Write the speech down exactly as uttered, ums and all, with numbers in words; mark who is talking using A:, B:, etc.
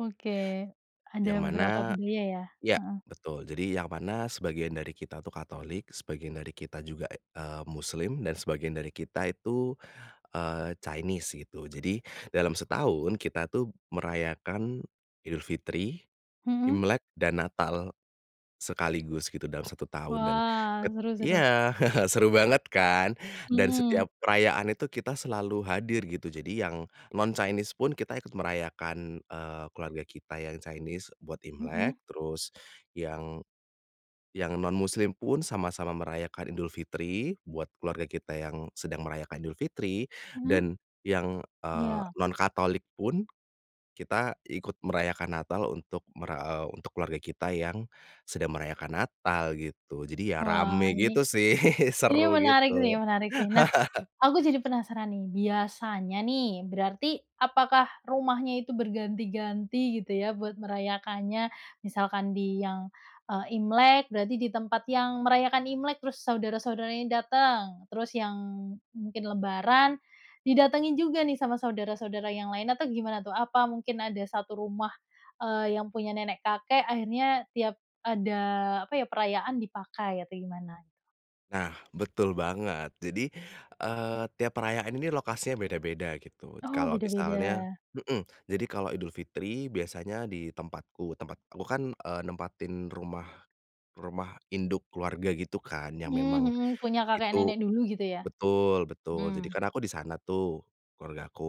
A: Oke, ada
B: Yang
A: beberapa
B: mana
A: budaya, ya?
B: iya,
A: Heeh.
B: betul jadi yang mana sebagian dari kita itu katolik, sebagian dari kita juga, eee, muslim dan sebagian dari kita itu, eee, Chinese gitu jadi dalam setahun kita, tuh, merayakan Idul Fitri,
A: Heeh.
B: Imlek dan Natal, sekaligus gitu dalam satu tahun dan
A: Wah
B: ket
A: seru seru.
B: iya, seru banget, kan, dan
A: Mhm.
B: setiap perayaan itu kita selalu hadir gitu jadi yang non Chinese pun kita ikut merayakan, eee, keluarga kita yang Chinese buat
A: Mhm.
B: Imlek terus yang yang non muslim pun sama-sama merayakan Idul Fitri buat keluarga kita yang sedang merayakan Idul Fitri
A: Mhm.
B: dan yang, eee,
A: Iya.
B: non katolik pun, kita ikut merayakan Natal untuk mer eee, untuk keluarga kita yang sedang merayakan Natal gitu jadi, ya,
A: Wah.
B: rame
A: Ini
B: gitu, sih,
A: ini
B: seru
A: menarik,
B: gitu.
A: sih, menarik, sih. Nah, aku jadi penasaran, nih, biasanya, nih, berarti apakah rumahnya itu berganti-ganti gitu, ya, buat merayakannya? Misalkan di yang, eee, Imlek berarti di tempat yang merayakan Imlek terus saudara-saudara ini dateng, terus yang mungkin lebaran didatengin juga, nih, sama saudara-saudara yang lain atau gimana, tuh? Apa mungkin ada satu rumah, eee, yang punya nenek-kakek akhirnya tiap ada apa, ya, perayaan dipakai atau gimana?
B: Nah, betul banget jadi, eee, tiap perayaan ini lokasinya beda-beda gitu
A: Oh,
B: kalau misalnya
A: beda-beda.
B: mhm, jadi kalau Idul Fitri biasanya di tempatku, tempat aku, kan, eee, nempatin rumah rumah induk keluarga gitu, kan, yang
A: Mmm,
B: memang
A: mhm, punya
B: itu
A: kakek-nenek dulu gitu, ya.
B: betul betul jadi,
A: Hmm.
B: kan, aku di sana, tuh, keluargaku.